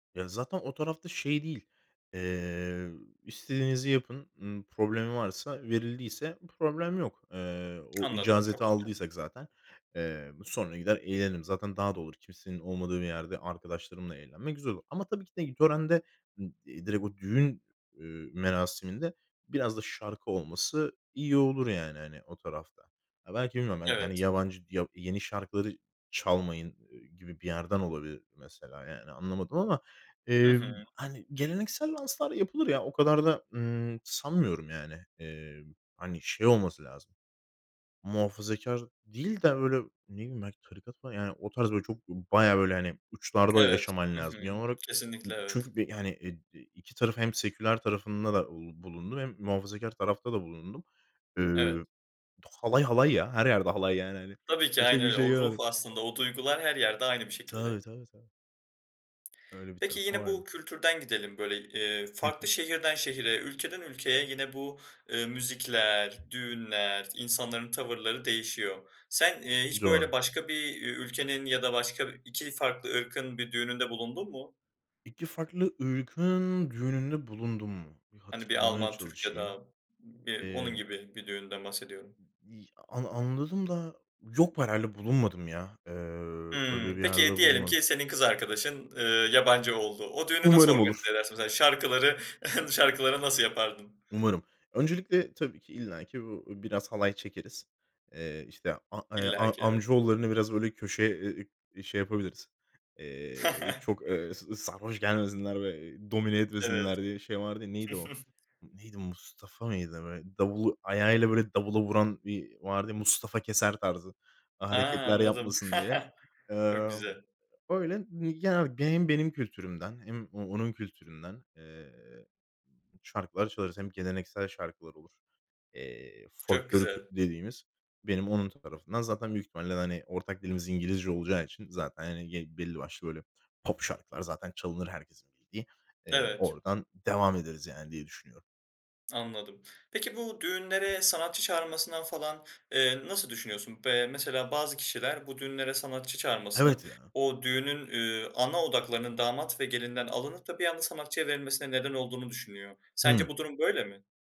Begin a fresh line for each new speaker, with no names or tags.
Ya, zaten o tarafta şey değil, eee, ü "İstediğinizi yapın." ııı, problemi varsa, verildiyse problem yok. Eee, o
Anladım,
icazeti
çok güzel.
aldıysak zaten, eee, sonra gider eğlenirim. Zaten daha doğru, kimsenin olmadığı bir yerde arkadaşlarımla eğlenmek güzel olur. Ama tabii ki de i törende, ı eee, direkt o düğün, ııı, merasiminde biraz da şarkı olması iyi olur yani, hani, o tarafta. Ya, belki bilmiyorum, belki, hani,
Evet.
yabancı yahut yeni şarkıları çalmayın, eee, gibi bir yerden olabilir mesela yani, anlamadım ama,
Hı
eee,
hı.
hani, geleneksel danslar yapılır ya, o kadar da, ımm, sanmıyorum, yani. Eee, hani, şey olması lazım, muhafazakâr değil de öyle, ne bileyim, belki tarikat falan yani o tarz böyle çok, bayağı, böyle, hani, uçlarda
Evet.
yaşaman
Hı hı.
lazım genel olarak. Imm,
Kesinlikle evet.
çünkü bi hani, e d 2 tarafın hem seküler tarafında da, uuu, bulundum hem muhafazakâr tarafta da bulundum.
Evet.
Eee, halay, halay ya. Her yerde halay yani, hani
Tabii ki.
Kimse
Aynen
bir
öyle. O
şey
ruh
[unintelligible]
aslında, o duygular her yerde aynı bir
Tabii,
şekilde.
tabii, tabii. Öyle bir
Peki
tarafı
yine bu
vardı.
kültürden gidelim, böyle, eee,
Hı
farklı
hı.
şehirden şehre, ülkeden ülkeye yine bu, eee, müzikler, düğünler, insanların tavırları değişiyor. Sen, eee, hiç
Doğru.
böyle başka bir ü ülkenin ya da başka 2 farklı ırkın bir düğününde bulundun mu?
2 farklı ırkın düğününde bulundum mu? Bir
Hani, bir
hatırlamaya
Alman, Türk ya
çalışayım.
da b
Eee
onun gibi bir düğünden bahsediyorum.
Bi ana anladım da yok b herhâlde bulunmadım ya. Eee, öyle
Hımm,
bir yerde
peki, diyelim
bulunmadım.
ki senin kız arkadaşın, ııı, yabancı oldu. O düğünü nasıl
Umarım olur.
organize edersin? Mesela şarkıları şarkıları nasıl yapardın?
Umarım. Öncelikle tabii ki illaki bu biraz halay çekeriz. Eee, işte, a eee,
İllaki,
a
evet.
amcaoğullarını biraz, böyle, köşe, eee, şey yapabiliriz. Eee, çok, eee, s sarhoş gelmesinler ve domine
Evet.
etmesinler diye şey vardı ya, neydi o, neydi, Mustafa mıydı? Böyle davulu ayağıyla böyle davula vuran bir vardı ya, Mustafa Keser tarzı a
A!
hareketler
Anladım.
yapmasın diye.
Çok güzel.
Emm, öyle. Mi ya, hani, benim benim kültürümden hem o onun kültüründen, eee, şarkılar çalarız. Hem geleneksel şarkılar olur. Eee,
Çok
folklorik
güzel.
dediğimiz. Benim onun tarafında zaten büyük ihtimalle, hani, ortak dilimiz İngilizce olacağı için zaten, hani, g belli başlı böyle pop şarkılar zaten çalınır herkesin bildiği. Eee,
Evet.
oradan devam ederiz yani diye düşünüyorum.
Anladım. Peki bu düğünlere sanatçı çağırılmasından falan, eee, nasıl düşünüyorsun? B eee, mesela bazı kişiler bu düğünlere sanatçı çağırmasının
Evet ya.
o düğünün, ııı, ana odaklarının damat ve gelinden alınıp da bir anda sanatçıya verilmesine neden olduğunu düşünüyor. Sence
Hı.
bu durum böyle mi?